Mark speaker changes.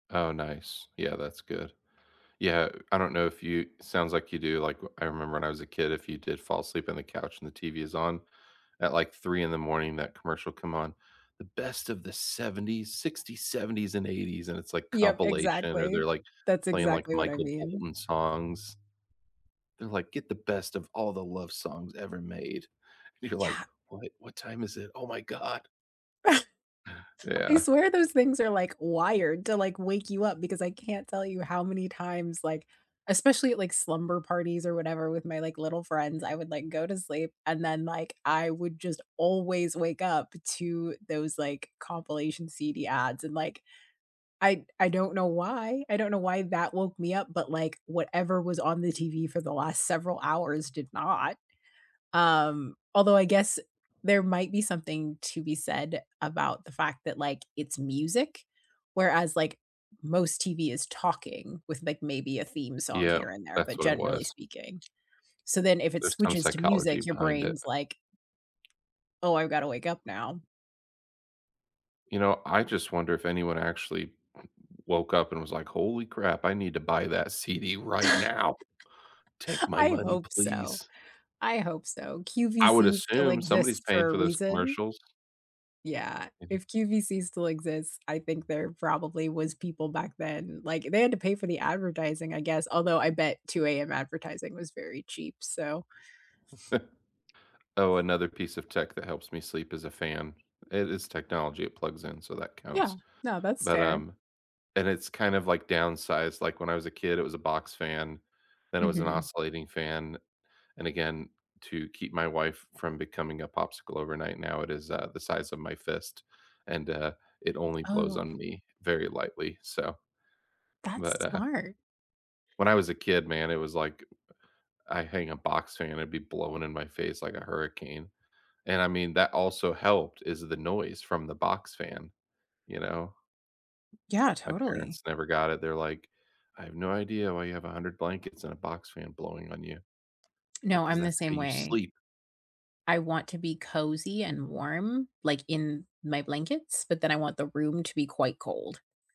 Speaker 1: Oh, nice. Yeah, that's good. Yeah, I don't know, if you it sounds like you do, like, I remember when I was a kid, if you did fall asleep on the couch and the TV is on, at, like, 3:00 in the morning, that commercial come on, "The best of the ‘70s, ‘60s, ‘70s, and ‘80s," and it's, like,
Speaker 2: Yup,
Speaker 1: compilation or
Speaker 2: exactly
Speaker 1: they're, like,
Speaker 2: that's
Speaker 1: playing, like,
Speaker 2: exactly what I
Speaker 1: Michael
Speaker 2: mean.
Speaker 1: Bolton songs. They're, like, "Get the best of all the love songs ever made," and you're, like,
Speaker 2: Yeah.
Speaker 1: "What what time is it? Oh my god."
Speaker 2: I
Speaker 1: Yeah.
Speaker 2: swear those things are, like, wired to, like, wake you up because I can't tell you how many times, like, especially, like, slumber parties or whatever with my, like, little friends, I would, like, go to sleep and then, like, I would just always wake up to those, like, compilation CD ads and, like, I I don't know why I don't know why that woke me up, but, like, whatever was on the TV for the last several hours did not. Um, although I guess there might be something to be said about the fact that, like, it's music, whereas, like, most TV is talking with, like, maybe a theme song
Speaker 1: Yeah,
Speaker 2: here and there,
Speaker 1: that's
Speaker 2: but
Speaker 1: what it
Speaker 2: generally
Speaker 1: was.
Speaker 2: speaking, so then if it
Speaker 1: There's some
Speaker 2: switches to
Speaker 1: psychology
Speaker 2: music, your
Speaker 1: behind it.
Speaker 2: brain's, like, Oh, I've gotta wake up now.
Speaker 1: You know, I just wonder if anyone actually woke up and was, like, "Holy crap, I need to buy that CD right now. Take my
Speaker 2: I
Speaker 1: money,
Speaker 2: hope so
Speaker 1: please."
Speaker 2: I hope so.
Speaker 1: I would
Speaker 2: QVC still
Speaker 1: assume
Speaker 2: exists
Speaker 1: somebody's paying
Speaker 2: for a
Speaker 1: for those
Speaker 2: reason.
Speaker 1: commercials.
Speaker 2: Yeah,
Speaker 1: Mhm.
Speaker 2: if QVC still exists, I think there probably was people back then, like, they had to pay for the advertising, I guess, although I bet 2:00 AM advertising was very cheap. So
Speaker 1: Oh, another piece of tech that helps me sleep is a fan, it is technology, it plugs in, so that
Speaker 2: yeah,
Speaker 1: counts,
Speaker 2: no, that's
Speaker 1: but,
Speaker 2: fair.
Speaker 1: um, and it's kind of like downsized, like, when I was a kid, it was a box fan, then it was an
Speaker 2: Mhm.
Speaker 1: oscillating fan. And again, to keep my wife from becoming a popsicle overnight, now, it is, uh, the size of my fist, and, uh, it only blows
Speaker 2: Oh.
Speaker 1: on me very lightly. So,
Speaker 2: That's
Speaker 1: but, uh
Speaker 2: smart.
Speaker 1: when I was a kid, man, it was, like, I hang a box fan, it'd be blowing in my face like a hurricane, and, I mean, that also helped, is the noise from the box fan. You know,
Speaker 2: Yeah,
Speaker 1: my
Speaker 2: totally.
Speaker 1: parents never got it, they're, like, "I have no idea why you have 100 blankets and a box fan blowing on you." Like,
Speaker 2: No,
Speaker 1: 'cause
Speaker 2: I'm the
Speaker 1: that's
Speaker 2: same
Speaker 1: how you
Speaker 2: way.
Speaker 1: sleep.
Speaker 2: I want to be cozy and warm, like, in my blankets, but then I want the room to be quite cold.